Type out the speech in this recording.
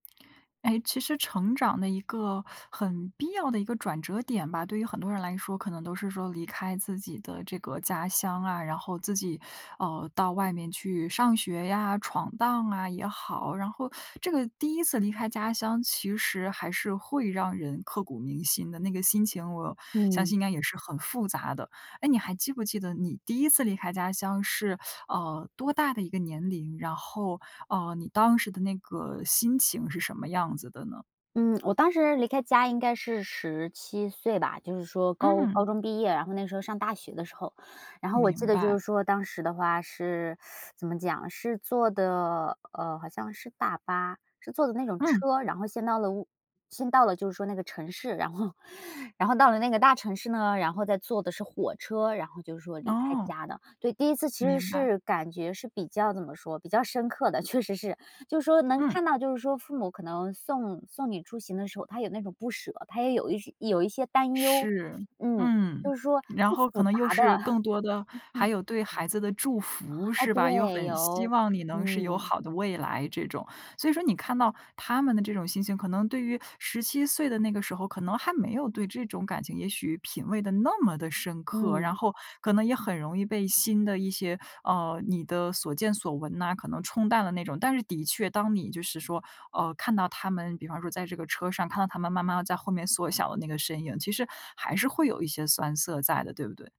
诶，其实成长的一个很必要的一个转折点吧，对于很多人来说，可能都是说离开自己的这个家乡啊，然后自己哦，到外面去上学呀，闯荡啊也好。然后这个第一次离开家乡，其实还是会让人刻骨铭心的，那个心情，我相嗯。信应该也是很复杂的。诶，你还记不记得你第一次离开家乡是呃，多大的一个年龄？然后，呃，你当时的那个心情是什么样子的呢？嗯，我当时离开家应该是17岁吧，就是说高高嗯。中毕业，然后那时候上大学的时候。然后我记明得就白。是说当时的话是 怎么讲是坐的呃，好像是大巴，是坐的那种嗯。车，然后先到了我先到了就是说那个城市，然后然后到了那个大城市呢，然后再坐的是火车，然后就是说离开哦。家的。对，第一次其实明白。是感觉是比较怎么说，比较深刻的。确实是就是说能嗯。看到就是说父母可能送送你出行的时候，他有那种不舍，他也有一些有一些担忧，是。嗯，嗯，就是说然是后可复杂能又的。是更多的 还哦，有对孩子的祝福，哎，是吧？又对，很希有。望你能是有嗯。好的未来这种。所以说你看到他们的这种心情可能对于17岁的那个时候，可能还没有对这种感情也许品味得那么地深刻，然嗯。后可能也很容易被新的一些，呃，你的所见所闻呐，可能冲淡了那种。但是的确当你就是说，呃，看到他们比方说在这个车上看到他们慢慢地在后面缩小的那个身影，其实还是会有一些酸涩在的，对不对？